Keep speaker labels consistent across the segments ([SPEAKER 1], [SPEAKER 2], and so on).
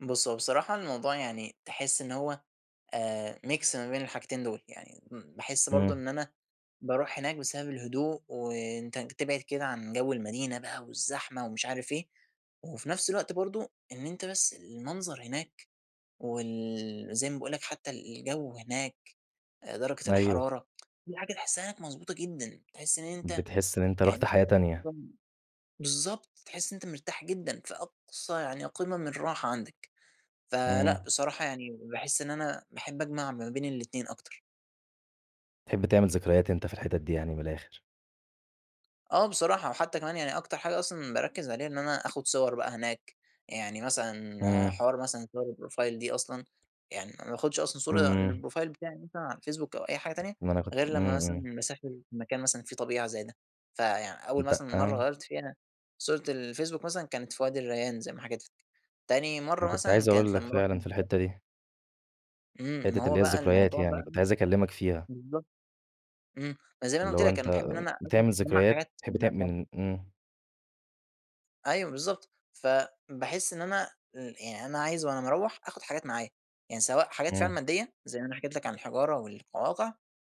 [SPEAKER 1] بُص هو بصراحة الموضوع يعني تحس إن هو، آآ ميكس ما بين الحاجتين دُول، يعني م باحس برضه
[SPEAKER 2] إمم.
[SPEAKER 1] إن أنا باروح هناك بسبب الهدوء، وأنت ن تبعد كده عن جو المدينة بقى والزحمة ومش عارف إيه، وفي نفْس الوقت برضه إن أنت بس المنظر هناك، وال زي ما باقول لَك حتّى الجو هناك درجة
[SPEAKER 2] أيوه.
[SPEAKER 1] الحرارة، في حاجة تحسّها مظبوطة جدًا، تحس إن أنت
[SPEAKER 2] بتحس إن أنت رُحت
[SPEAKER 1] يعني
[SPEAKER 2] حياة تانية.
[SPEAKER 1] [unintelligible] بالضبط، تحس إن أنت مرتاح جدًا، فأقصى يعني قمم الراحة عندك، فلأ
[SPEAKER 2] إمم.
[SPEAKER 1] بصراحة يعني باحس إن أنا باحب أجمع ما بين الأتنين أكتر.
[SPEAKER 2] تحب تعمل ذكريات أنت في الحتت دي يعني من الآخر.
[SPEAKER 1] آه بصراحة، وحتّى كمان يعني أكتر حاجة أصلًا باركّز عليها إن أنا آخد صور بقى هناك، يعني مثلًا
[SPEAKER 2] إمم.
[SPEAKER 1] حوار مثلًا صور الProfile دي أصلًا، يعني ما باخدش أصلًا صورة
[SPEAKER 2] إمم.
[SPEAKER 1] للProfile بتاعي مثلًا على الفيسبوك أو أي حاجة تانية،
[SPEAKER 2] ما أنا كنت
[SPEAKER 1] غير
[SPEAKER 2] إمم،
[SPEAKER 1] لمّا مثلًا
[SPEAKER 2] إمم.
[SPEAKER 1] مسافر مكان مثلًا في طبيعة زي ده، فيعني أول
[SPEAKER 2] أنت
[SPEAKER 1] مثلًا مَرّة
[SPEAKER 2] آه.
[SPEAKER 1] غيّرت فيها صورة الفيسبوك مثلًا كانت فوادي الريان زي ما حكيت لَك، تاني
[SPEAKER 2] أنا
[SPEAKER 1] مَرّة
[SPEAKER 2] كنت
[SPEAKER 1] مثلًا
[SPEAKER 2] عايز
[SPEAKER 1] كانت
[SPEAKER 2] أقول لَك
[SPEAKER 1] لمّا
[SPEAKER 2] فعلًا،
[SPEAKER 1] روحنا.
[SPEAKER 2] في
[SPEAKER 1] [unintelligible]
[SPEAKER 2] الحتّة دي.
[SPEAKER 1] إمم، ما
[SPEAKER 2] حتّة اللي
[SPEAKER 1] هو
[SPEAKER 2] هي
[SPEAKER 1] بقى
[SPEAKER 2] الذكريات
[SPEAKER 1] الموضوع
[SPEAKER 2] يعني،
[SPEAKER 1] بقى
[SPEAKER 2] كنت
[SPEAKER 1] م
[SPEAKER 2] عايز أكلّمك فيها.
[SPEAKER 1] بالضبط، إمم، ما زي ما أنا
[SPEAKER 2] اللي
[SPEAKER 1] قُلت
[SPEAKER 2] هو
[SPEAKER 1] لك أنا
[SPEAKER 2] أنت
[SPEAKER 1] باحب إن أنا
[SPEAKER 2] بتعمل
[SPEAKER 1] [unintelligible] اجمّع
[SPEAKER 2] ذكريات؟
[SPEAKER 1] حاجات.
[SPEAKER 2] بتحب تعم
[SPEAKER 1] [unintelligible]
[SPEAKER 2] من إمم.
[SPEAKER 1] أيوه بالضبط فباحس إن أنا إمم، يعني أنا عايز وأنا مروّح آخد حاجات معايا، يعني سواء حاجات فعلًا
[SPEAKER 2] آه.
[SPEAKER 1] مادية زي ما أنا حكيت لَك عن الحجارة والقواقع،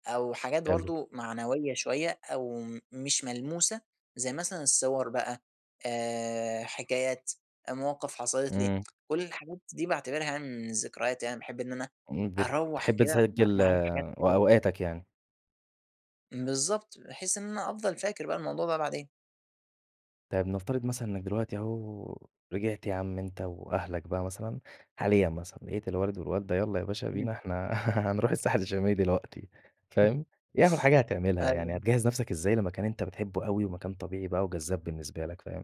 [SPEAKER 1] أو حاجات
[SPEAKER 2] حلو.
[SPEAKER 1] برضه معنوية شوية أو م مش ملموسة، زي مثلًا الصور بقى آآ حكايات مواقف حصلت لي،
[SPEAKER 2] إمم.
[SPEAKER 1] كلّ الحاجات دي باعتبرها من الذكريات، أنا باحب إن أنا
[SPEAKER 2] إمم،
[SPEAKER 1] أروّح
[SPEAKER 2] بتحب
[SPEAKER 1] كده م
[SPEAKER 2] تسجّل
[SPEAKER 1] معايا حاجات
[SPEAKER 2] و
[SPEAKER 1] أفتكرها.
[SPEAKER 2] أوقاتك يعني.
[SPEAKER 1] بالضبط، بحيث إن أنا أفضل فاكر بقى الموضوع ده بعدين.
[SPEAKER 2] طيّب نفترض مثلًا إنك دلوقتي أهو، رجِعت يا عم أنت وأهلك بقى مثلًا حاليًا مثلًا، لقيت الوالد والوالدة يلّا يا باشا بينا
[SPEAKER 1] إمم.
[SPEAKER 2] إحنا هنروح الساحل الشمالي دلوقتي، فاهم؟ إيه أول حاجة هتعملها؟ يعني
[SPEAKER 1] أيوه.
[SPEAKER 2] هتجهّز نفْسك إزاي لمكان أنت بتحبه أوي ومكان طبيعي بقى وجذاب بالنسبة لك، فاهم؟